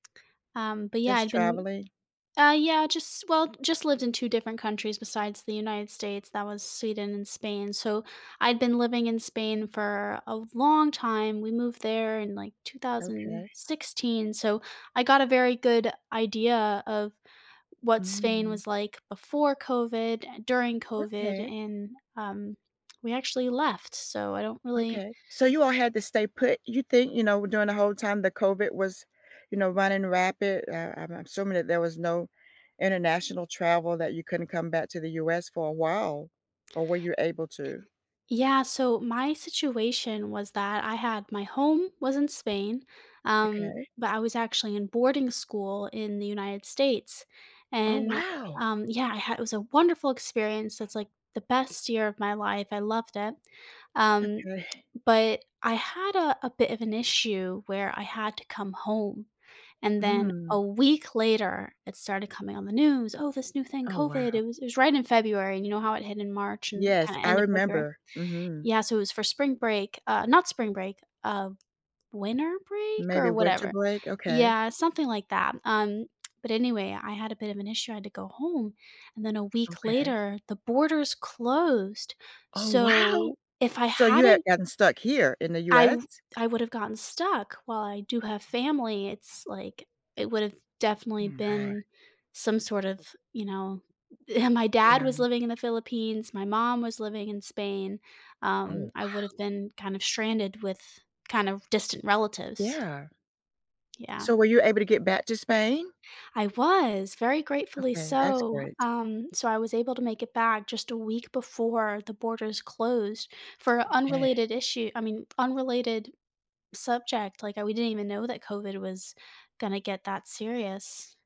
Um, but yeah, Just I've been traveling? uh, yeah, just well, just lived in two different countries besides the United States. That was Sweden and Spain. So I’d been living in Spain for a long time. We moved there in, like, two thousand Okay. sixteen, so I got a very good idea of what Spain Mm. was like before COVID, and during COVID, Okay. and, um, we actually left, so I don't really Okay. So you all had to stay put. You think you know, during the whole time the COVID was, you know, running rampant, uh, I'm I'm assuming that there was no international travel that you couldn't come back to the US for a while, or were you able to? Yeah, so my situation was that I had my home was in Spain, um, Okay. but I was actually in boarding school in the United States, Oh, and, wow. um, yeah, I had it was a wonderful experience. It's, like, the best year of my life. I loved it, um, Okay. but I had a a bit of an issue where I had to come home, and then a Mm. week later, it started coming on the news, "Oh, this new thing, Oh, COVID," wow. it was it was right in February, and you know how it hit in March and Yes, kinda I end of February. remember. Mhm. Yeah, so it was for spring break uh, not spring break, uh, winter break or Maybe winter whatever. break, okay. Yeah, something like that. Um, but anyway, I had a bit of an issue. I had to go home, and then a week Okay. later, the borders closed. Oh, wow. So if I So you had hadn't gotten stuck here in the I US? w I would have gotten stuck while I do have family, it's, like it would have definitely Oh, my. been some sort of, you know and my dad was Yeah. living in the Philippines, my mom was living in Spain, Oh, um, I wow. would've been kind of stranded with kind of distant relatives. Yeah. Yeah. So were you able to get back to Spain? I was, very gratefully Okay, that's so. great. Um, so I was able to make it back just a week before the borders closed for Okay. unrelated issue I mean, unrelated subject, like, we didn't even know that COVID was gonna get that serious.